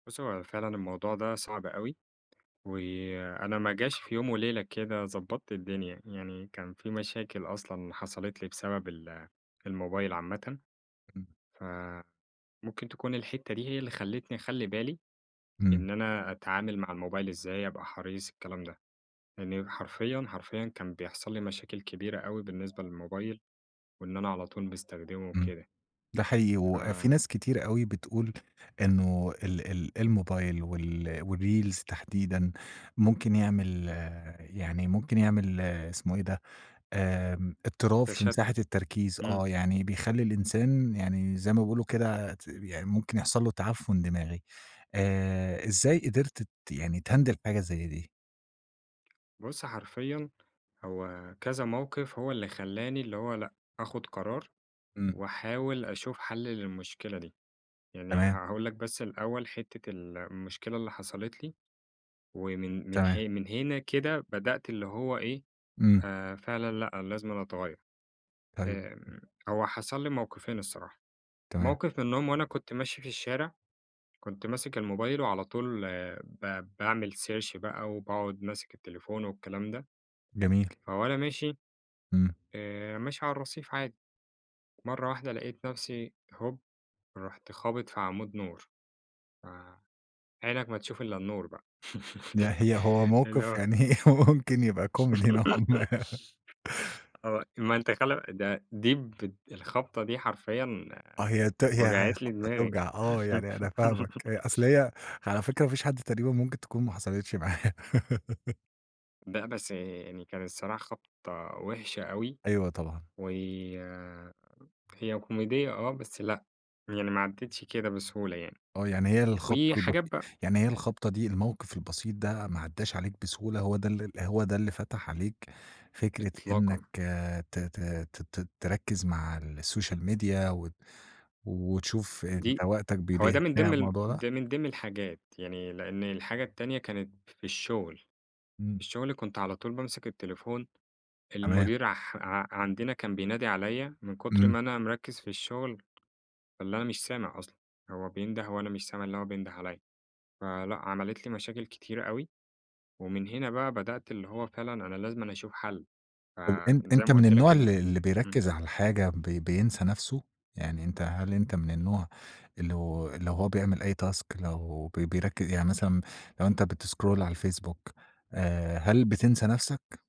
بُص، هو فعلًا الموضوع ده صعب أوي، وأنا ما جاش في يوم وليلة كده ضبطت الدنيا، يعني كان في مشاكل أصلًا حصلت لي بسبب ال الموبايل عامةً، [unintelligible] ف ممكن تكون الحتّه دي هي اللي خلتني أخلي بالي، إمم. إن أنا أتعامل مع الموبايل إزاي، أبقى حريص الكلام ده. يعني حرفيًا، حرفيًا كان بيحصل لي مشاكل كبيرة أوي بالنسبة للموبايل وإن أنا على طول باستخدمه إمم. وكده. ده حقيقي، ف وفي ناس كتير أوي بتقول إنّه ال ال الموبايل وال والreels تحديدًا ممكن يعمل يعني ممكن يعمل اسمه إيه ده آمم، اضطراب في مساحة تشتت. التركيز، إمم. آه، يعني بيخلّي الإنسان يعني زي ما بيقولوا كده ت يعني ممكن يحصل له تعفن دماغي آآ، إزاي قدِرت تت يعني تhandle حاجة زي دي؟ بُص حرفيًا هو كذا موقِف هو اللي خلّاني اللي هو لأ، آخُد قرار إمم. وأحاول أشوف حل للمشكلة دي. يعني تمام. هاقول لك بس الأوّل حتّة المشكلة اللي حصلت لي ومن من تمام. حي من هنا كده بدأت اللي هو إيه إمم. آآ، فعلًا لأ أنا لازمًا أَتَغَيَّر. طيب. آمم، هو حصل لي موقِفين الصراحة. تمام. موقِف منهم وأنا كنت ماشي في الشارع كنت ماسك الموبايل وعلى طول آآ ب باعمل search بقى وباقعد ماسك التليفون والكلام ده. جميل. فوأنا ماشي إمم. آآ، ماشي على الرصيف عادي، مرّة واحدة لقيت نفسي هُوب رحت خابط في عمود نور. آآ، عينك ما تشوف إلا النور بقى. يعني هي هو اللي موقِف هو يعني هو ممكن يبقى كوميدي نوعًا ما. آه، ما أنت خلي ده دي بت الخبطة دي حرفيًا آه هي ت هي وجعت لي خبطة دماغي. توجع آه يعني أنا فاهمك، هي أصل هي على فكرة ما فيش حد تقريبًا ممكن تكون ما حصلتش معاه. لأ، بس آآ، يعني كان الصراحة خبطة وحشة أوي. أيوه طبعًا. و هي كوميدية آه، بس لأ، يعني ما عَديتش كده بسهولة يعني. آه يعني هي الخبطة وحاجات البسيطة بقى. يعني هي الخبطة دي، الموقِف البسيط ده ما عداش عليك بسهولة هو ده هو ده اللي فتح عليك فكرة إطلاقًا. إنّك آآ، ت ت ت ت تركز مع السوشيال ميديا وت وتشوف أنت دي وقتك بيضيع هو ده إزاي من على ضمن ال الموضوع ده؟ من ضمن الحاجات يعني لأن الحاجة التانية كانت في الشغل، إمم. الشغل كنت على طول بامسك التليفون، تمام. المدير اح ع عندنا كان بينادي عليّ من كتر إمم. ما أنا مركز في الشغل، اللي أنا مش سامع أصلًا، هو بينده وأنا مش سامع اللي هو بينده عليَّ، فلأ عملِت لي مشاكل كتيرة أوي. ومن هنا بقى بدأت اللي هو فعلًا أنا لازمًا أشوف حل، أ أنت في زي أنت ما من قلت النوع لك إنّه اللي اللي إمم. بيركز على الحاجة ب بينسى نفسه؟ يعني أنت هل أنت من النوع اللي لو هو بيعمل أي task لو بي بيركز يعني مثلًا لو أنت بتسكرول على الفيسبوك آآ، هل بتنسى نفسك؟